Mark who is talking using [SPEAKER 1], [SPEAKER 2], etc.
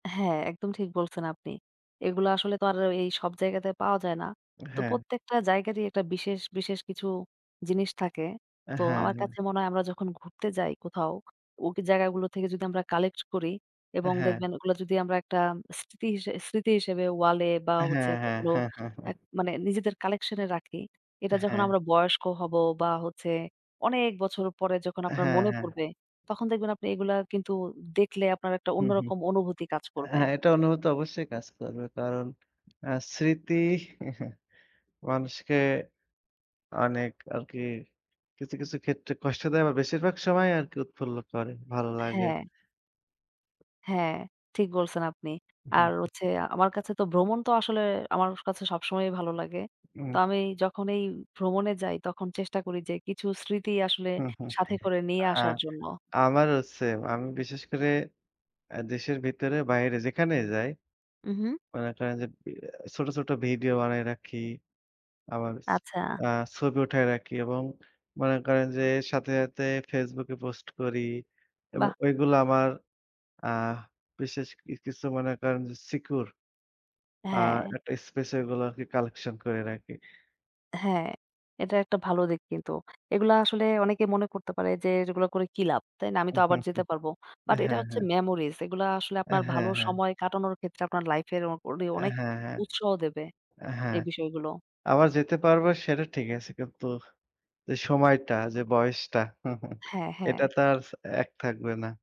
[SPEAKER 1] হ্যাঁ, একদম ঠিক বলছেন আপনি। এগুলো আসলে তো আর এই সব জায়গাতে পাওয়া যায় না। তো
[SPEAKER 2] হ্যাঁ।
[SPEAKER 1] প্রত্যেকটা জায়গারই একটা বিশেষ, বিশেষ কিছু জিনিস থাকে।
[SPEAKER 2] হ্যাঁ,
[SPEAKER 1] তো আমার
[SPEAKER 2] হ্যাঁ।
[SPEAKER 1] কাছে মনে হয় আমরা যখন ঘুরতে যাই কোথাও, ওই জায়গাগুলো থেকে যদি আমরা কালেক্ট করি, এবং
[SPEAKER 2] হ্যাঁ।
[SPEAKER 1] দেখবেন ওগুলা যদি আমরা একটা স্মৃতি হি স্মৃতি হিসেবে ওয়ালে বা হচ্ছে
[SPEAKER 2] হ্যাঁ,
[SPEAKER 1] এগুলো
[SPEAKER 2] হ্যাঁ।
[SPEAKER 1] এক মানে নিজেদের কালেকশন এ রাখি। এটা যখন
[SPEAKER 2] হ্যাঁ।
[SPEAKER 1] আমরা বয়স্ক হব, বা হচ্ছে অনেক বছর পরে যখন আপনার
[SPEAKER 2] হ্যাঁ,
[SPEAKER 1] মনে
[SPEAKER 2] হ্যাঁ।
[SPEAKER 1] পড়বে, তখন দেখবেন আপনি এগুলা কিন্তু দেখলে আপনার একটা
[SPEAKER 2] হুম, হুম,
[SPEAKER 1] অন্যরকম অনুভূতি কাজ করবে।
[SPEAKER 2] হ্যাঁ, এটা অনুভূতি অবশ্যই কাজ করবে। কারণ আ স্মৃতি মানুষকে অনেক আরকি কিছু, কিছু ক্ষেত্রে কষ্ট দেয়, বা বেশিরভাগ সময় আরকি উৎফুল্ল করে। ভালো লাগে।
[SPEAKER 1] হ্যাঁ। হ্যাঁ, ঠিক বলছেন আপনি। আর হচ্ছে, আমার কাছে তো ভ্রমণ তো আসলে আমার কাছে সবসময়ই ভালো লাগে। তো
[SPEAKER 2] উম
[SPEAKER 1] আমি যখনই ভ্রমণে যাই তখন চেষ্টা করি যে কিছু স্মৃতি আসলে সাথে করে নিয়ে
[SPEAKER 2] আ
[SPEAKER 1] আসার জন্য।
[SPEAKER 2] আমারও সেম। আমি বিশেষ করে আ দেশের ভিতরে বাইরে যেখানে যাই।
[SPEAKER 1] উ হুম।
[SPEAKER 2] মনে করেন যে বি এ ছোট, ছোট ভিডিও বানায় রাখি, আমার হস
[SPEAKER 1] আচ্ছা।
[SPEAKER 2] আ ছবি উঠায় রাখি এবং মনে করেন যে সাথে, সাথে Facebook এ পোস্ট করি এবং
[SPEAKER 1] বাহ!
[SPEAKER 2] ওইগুলা আমার আহ বিশেষ কি কিছু মনে করেন যে সিকিউর আ
[SPEAKER 1] হ্যাঁ।
[SPEAKER 2] একটা স্পেশাল গুলাকে কালেকশন করে রাখি।
[SPEAKER 1] হ্যাঁ, এটা একটা ভালো দিক কিন্তু এগুলা আসলে অনেকে মনে করতে পারে যে, এগুলা করে কি লাভ, তাই না? আমি তো আবার যেতে পারব। বাট এটা
[SPEAKER 2] হ্যাঁ,
[SPEAKER 1] হচ্ছে
[SPEAKER 2] হ্যাঁ।
[SPEAKER 1] মেমোরিজ এগুলা আসলে
[SPEAKER 2] এ
[SPEAKER 1] আপনার
[SPEAKER 2] হ্যাঁ,
[SPEAKER 1] ভালো
[SPEAKER 2] হ্যাঁ।
[SPEAKER 1] সময় কাটানোর ক্ষেত্রে আপনার লাইফের অ অডে
[SPEAKER 2] এ
[SPEAKER 1] অনেক
[SPEAKER 2] হ্যাঁ, হ্যাঁ,
[SPEAKER 1] উৎসাহ দেবে,
[SPEAKER 2] এ হ্যাঁ,
[SPEAKER 1] এই বিষয়গুলো।
[SPEAKER 2] আবার যেতে পারবো সেটা ঠিক আছে কিন্তু যে সময়টা, যে বয়সটা
[SPEAKER 1] হ্যাঁ, হ্যাঁ।
[SPEAKER 2] এটা তো আর এক থাকবে না।